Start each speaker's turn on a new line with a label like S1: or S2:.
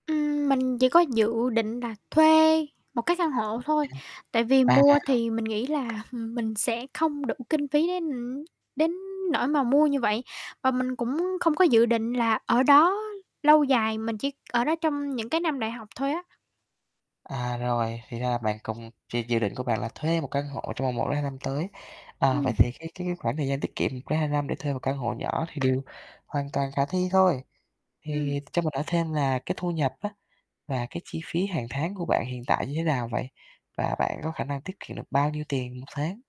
S1: Ừm, mình chỉ có dự định là thuê một cái căn hộ thôi. Tại vì
S2: Há? À!
S1: mua thì mình nghĩ là mình sẽ không đủ kinh phí đến, ừm, đến nỗi mà mua như vậy, và mình cũng không có dự định là ở đó lâu dài, mình chỉ ở đó trong những cái năm đại học thôi á.
S2: À, rồi, thì ra bạn cũng chỉ dự định của bạn là thuê một căn hộ trong vòng 1-2 năm tới. Ờ, vậy
S1: Ừm.
S2: thì cái cái cái khoảng thời gian tiết kiệm 1-2 năm để thuê một căn hộ nhỏ thì điều hoàn toàn khả thi thôi. Thì
S1: Ừm.
S2: cho mình hỏi thêm là cái thu nhập á và cái chi phí hàng tháng của bạn hiện tại như thế nào vậy? Và bạn có khả năng tiết kiệm được bao nhiêu tiền 1 tháng?